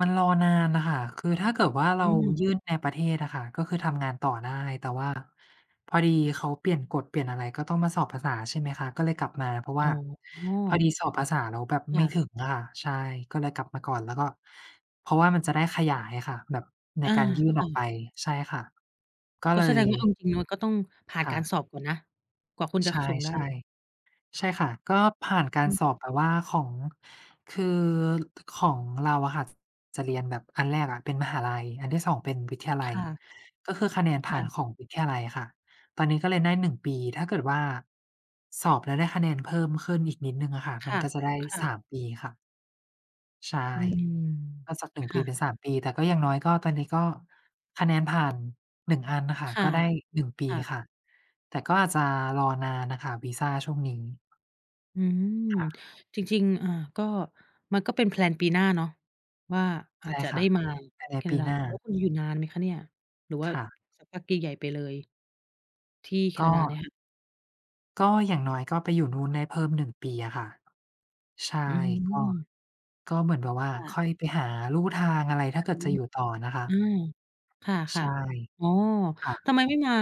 มันรอนานน่ะค่ะ คือถ้าเกิดว่าอ เอรืาม ยื่นในประเทศอะค่ะ ก็คือทำงานต่อได้ แต่ว่าพอดีเขาเปลี่ยนกฎ เปลี่ยนอะไร ก็ต้องมาสอบภาษา ใช่ไหมคะ ก็เลยกลับมา เพราะอว่๋าพออ ดีสอบภาษาแล้วแบบคไม่่ะ ถึงอะค่ะ ใช่ ก็เลยกลับมาก่อน แล้วก็ เพราะว่ามันจะได้ขยายอะค่ะ แบบในอา การยื่นค่ออกะ ไป ใช่ค่ะ ก็กเ็ลแสย ดงว่า เอาจริง ๆ แล้วก็ต้องผ่านค่กะ ารสอบก่อนนะ กว่าคุณจะ ใชค ่ ส่งได้ ๆ ใช่ค่ะ ก็ผ่านกาอรืสม อบแบบว่าของ คือ ข ของเราอะค่ะ ส จะเรียนแบบอันแรกอะเป็นมหาลัย อันที่ 2 เป็นวิทยาลัคย ่ะ ก็คือคะแนนคผ่่าะ นของวิทยาลัยอะค่ะ ตอนนี้ก็เรียนได้ 1 ปี ถ้าเกิดว่า สอบแล้วได้คะแนนเพิ่มขึ้นอีกนิดหนึ่งอะค่ะ คมั่นะ ก็จะได้ ค่ะ 3 ปีค่ะ ใช่ อืม ก็จาก 1 คป่ีเปะ ็น 3 ปี แต่ก็อย่างน้อย ก็ตอนนี้ก็คะแนนผ่าน 1 อันน่ะค่ะ ค่ะ ก็ได้ 1 ปีค่ะ ค่ะ แต่ก็อาจจะรอนานน่ะค่ะ วีซาช่วงนี้ อืม ค่ะ จริง ๆ อา ก็ มันก็เป็น แพลน ปีหน้าเนาะว่อ าอใาชจ่จะคได่้ะ มาภายในแคปนาีดา หน้า แล้วคุณอยู่นานไหมคะเนี่ย หรือว่าค่ะ สักพักใหญ่ ๆ ไปเลย? ที่แคกนาดาเนี่็ ยค่ะ ก็อย่างน้อยก็ไปอยู่นู่นได้เพิ่ม 1 ปีอะค่ะ ใช่ อืก็ ม ก็เหมือนแบบว่าค่ค่ะ อยไปหาลู่ทางอะไร ถ้อาือเกิดฮึ จะอยู่ต่อนะคะ อือ คใช่ะ ่ ๆ อ๋อ ค่ะ ทำไมไม่มา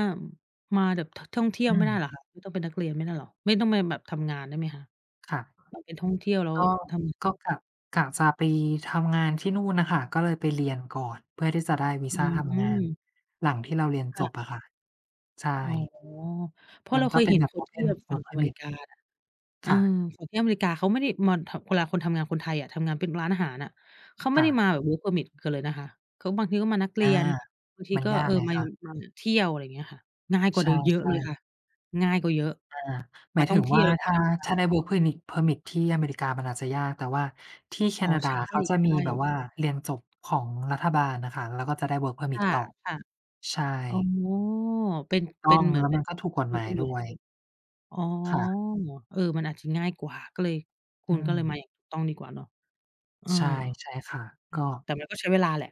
อ มาแบบ ท ท่องเที่ยวอืไม่ได้ม เหรอคะ ไม่ต้องเป็นนักเรียนไม่ได้เหรอ ไม่ต้องไปแบบทำงานได้ไหมคะ? ค่ะ แบบไปท่องเที่ยวแล้วก็ ทำ ก็ง กะ กะจะไปทำงานที่นู่นน่ะค่ะ ก็เลยไปเรียนก่อน เพื่อที่จะได้วีอืซาทำงาน ม หลังที่เราเรียนคจ่ะ บอะค่ะ ใชอ๋อ ่ เพรามะันเรากเค็ย เป็เหน็นแบบ คนที่Open แบบฝั่งWork อเมริPermit กาน่ะ เอคอ ่ะ ฝั่งที่อเมริกาเขาไม่ได้ มอน ทำ เวลาคนทำงาน คนไทยอะทำงานเป็นร้านอาหารอะ เขาไมค่่ได้ะ มาแบบ Work Permit กันเลยนะคะ เขาบางทีก็มานักเอรา ียน บางทีมันก็ ยาเกออ ไงมาคอยะ ู่ มาแบบเที่ยว อะไรเงี้ยค่ะ ง่ายกว่ใาเดิมเยอะช่ เลยคๆ ่ะ ง่ายกว่าเยอะ อา หมมาายทถ่อึงงเทีว่ย่วา แล้วก็ถม้าา ทำงาถน ้าได้ Work Permit Permit ที่อเมริกามันอาจจะยาก แต่ว่าที่แคอ๋อ นา ดใาช่ เขาจะมีแบบๆ ว่า เรียนจบของรัฐบาล น่ะค่ะ แล้วก็จะได้ Work คPermit ต่อ ่ะ ใชๆ อ๋อ ่ เป็น ถูกตเป้็อนง เหมือแลน้วเปม็ัน นก็ถูกกฎรูห้มากยันอยูด่แ้ล้วย ว อ๋อ ค่ะ เออ มันอาจจะง่ายกว่า ก็เลย คอุืณก็เลย ม มาอย่างถูกต้องดีกว่าเนอะ เออ ใช่ ใช่ค่ะ อืก็ ม แต่มันก็ใช้เวลาแหละ